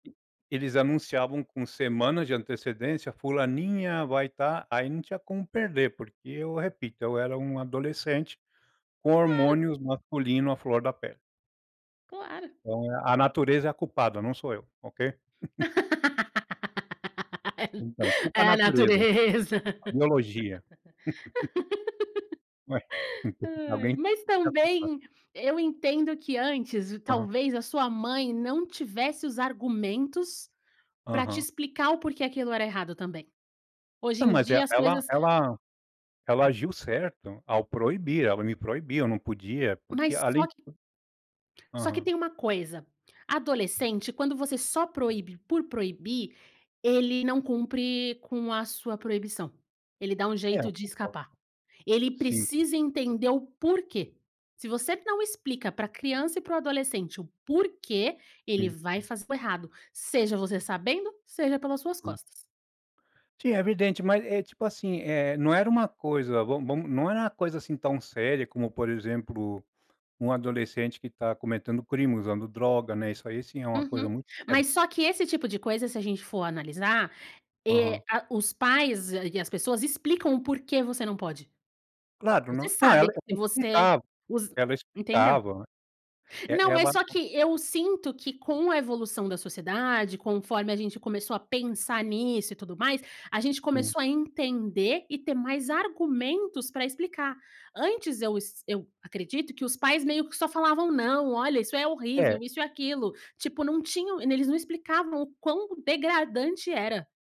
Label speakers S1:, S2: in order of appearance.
S1: E eles anunciavam com semanas de antecedência: "Fulaninha vai tá". Aí, não tinha como perder, porque, eu repito, eu era um adolescente com
S2: Claro.
S1: hormônios masculino à flor da pele.
S2: Claro.
S1: Então, é a natureza é a culpada, não sou eu, ok?
S2: É
S1: Então, culpa a
S2: é a
S1: natureza.
S2: natureza.
S1: A biologia. Ué,
S2: Aí.
S1: alguém ter
S2: Mas
S1: que ser a culpada.
S2: também, eu entendo que antes
S1: Aham.
S2: talvez a sua mãe não tivesse os argumentos para te
S1: Aham.
S2: explicar o porquê aquilo era errado também. Hoje
S1: Não,
S2: em
S1: mas e
S2: dia as
S1: ela
S2: coisas
S1: ela ela agiu certo ao proibir. Ela me proibiu. Eu não podia, porque
S2: Mas
S1: além
S2: só
S1: de
S2: que só que
S1: Aham.
S2: tem uma coisa, adolescente quando você só proíbe por proibir, ele não cumpre com a sua proibição. Ele dá um
S1: É, eu
S2: jeito de
S1: concordo.
S2: escapar. Ele
S1: Sim.
S2: precisa entender o porquê. Se você não explica para criança e para o adolescente o porquê, ele
S1: Sim.
S2: vai fazer o errado, seja você sabendo, seja pelas suas
S1: Sim.
S2: costas.
S1: Sim, é evidente. Mas é tipo assim, eh, não era uma coisa vamo vam não era uma coisa, assim, tão séria como, por exemplo, um adolescente que tá cometendo crime, usando droga, né? Isso aí, sim, é uma coisa
S2: Uhum.
S1: muito séria.
S2: Mas só que esse tipo de coisa se a gente for analisar, eh,
S1: Aham.
S2: a os pais e as pessoas explicam o porquê você não pode.
S1: Claro, não
S2: Você
S1: não, ela
S2: sabe que você
S1: explicava.
S2: os
S1: Ela
S2: Entendeu?
S1: explicava, né. E
S2: Não,
S1: ela
S2: mas só que eu sinto que com a evolução da sociedade, conforme a gente começou a pensar nisso e tudo mais, a gente
S1: Sim.
S2: começou a entender e ter mais argumentos para explicar. Antes eu es eu acredito que os pais meio que só falavam: "Não, olha, isso é horrível,
S1: É.
S2: isso e aquilo". Tipo, não tinham eles não explicavam o quão degradante era.